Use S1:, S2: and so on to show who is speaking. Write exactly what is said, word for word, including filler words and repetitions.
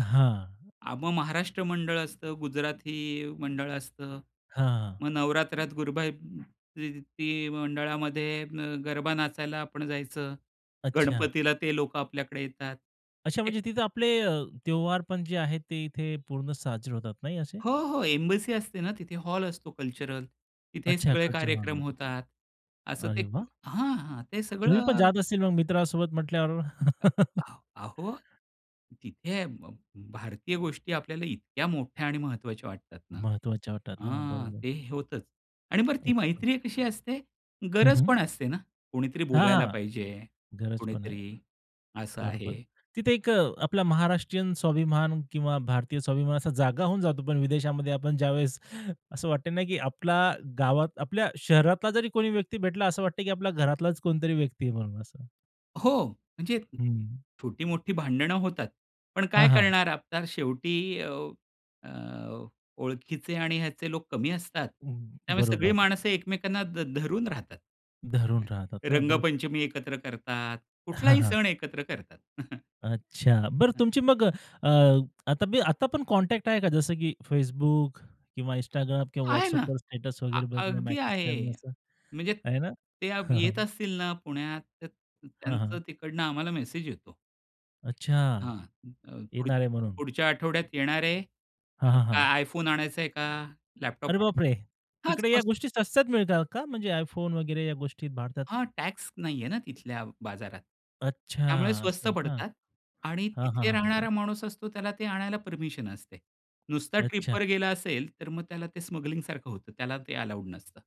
S1: अ, हां.
S2: आ, मग महाराष्ट्र मंडळ असतं. गुजराती मंडळ असतं.
S1: हां.
S2: मग नवरात्रात गुरबा ती मंडळामध्ये अ, गरबा नाचायला आपण जायचं.
S1: अच्छा.
S2: गणपतीला ते लोकं आपल्याकडे येतात.
S1: अच्छा
S2: एक
S1: म्हणजे तिथं आपले अ, त्यौहार पण जे आहेत ते इथे पूर्ण साजरे होतात. नाही असं?
S2: हो, हो. एम्बसी असते ना तिथे. हॉल असतो कल्चरल. तिथे
S1: अच्छा,
S2: सगळे
S1: कल्चरल
S2: कार्यक्रम
S1: हॉलमध्ये.
S2: होतात. असं
S1: अरे
S2: ते
S1: वा!
S2: हां, हां. ते
S1: तुम्ही पण
S2: सगळं
S1: जात असतील मग मित्रांसोबत म्हटल्यावर?
S2: अ आ अहो तिथे भ भारतीय गोष्टी आपल्याला इतक्या मोठ्या आणि महत्त्वाच्या वाटतात ना.
S1: महत्त्वाच्या वाटतात ना.
S2: हा
S1: बरोबर.
S2: ते होतंच. आणि बरं ती
S1: [unintelligible]
S2: मैत्री कशी असते?
S1: हं,
S2: गरज
S1: हं.
S2: पण असते ना? कोणीतरी
S1: हां,
S2: बोलायला
S1: हां.
S2: पाहिजे.
S1: गरज पण आहे.
S2: कोणीतरी असं
S1: बरोबर.
S2: आहे.
S1: तिथे एक अ, आपला महाराष्ट्रीयन स्वाभिमान किंवा भारतीय स्वाभिमान असा जागा होऊन जातो. पण विदेशामध्ये आपण ज्यावेळेस असं वाटत नाही, की आपला गावात, आपल्या शहरातला जरी कोणी व्यक्ती भेटला, असं वाटतं, की आपल्या घरातलाच कोणीतरी व्यक्ती आहे म्हणून असं.
S2: हो म्हणजे
S1: हं.
S2: छोटी-मोठी भांडणं होतात. पण काय
S1: हां, हां.
S2: करणार आता शेवटी अ, अ, ओळखीचे आणि ह्याचे लोक कमी असतात.
S1: हं,
S2: त्यामुळे सगळी
S1: बरोबर.
S2: माणसं एकमेकांना ध धरून राहतात.
S1: धरून राहतात ना. बरोबर.
S2: रंगपंचमी एकत्र करतात,
S1: हां,
S2: कुठलाही
S1: हां.
S2: सण एकत्र करतात.
S1: अच्छा. बरं तुमची मग अ, आता बी आता पण कॉन्टॅक्ट आहे का जसं की Facebook किंवा Instagram किंवा
S2: आहे ना.
S1: WhatsAppवर स्टेटस
S2: अ
S1: वगैरे बघणं,
S2: अगदी
S1: मेसेज करणं
S2: आहे.
S1: असं.
S2: म्हणजे
S1: आहे ना?
S2: ते
S1: हां,
S2: येत
S1: हां.
S2: असतील ना पुण्यात त
S1: हां,
S2: त्यांचं
S1: हां.
S2: तिकडनं आम्हाला मेसेज येतो.
S1: अच्छा.
S2: हां, अ, पुढच
S1: येणार आहे म्हणून.
S2: पुढच्या आठवड्यात येणार आहे.
S1: हां,
S2: अ,
S1: हां.
S2: iPhone आणायचंय का
S1: अरे
S2: लॅपटॉप
S1: बाप रे!
S2: आणायचा? हां,
S1: तिकडे
S2: स्व
S1: या गोष्टी स्वस्तात मिळतात का? म्हणजे iPhone वगैरे या गोष्टी भारतात.
S2: हां, टॅक्स नाहीये ना तिथल्या बाजारात.
S1: अच्छा.
S2: त्यामुळे
S1: असं
S2: स्वस्त
S1: आहे का?
S2: पडतात आणि
S1: हां, हां,
S2: तिथे
S1: हां, हां, हां.
S2: राहणारा माणूस असतो त्याला ते आणायला परमिशन असते. नुसता
S1: अच्छा.
S2: ट्रिपवर गेला असेल तर मग त्याला ते स्मगलिंगसारखं होतं. त्याला ते अलाउड नसतं.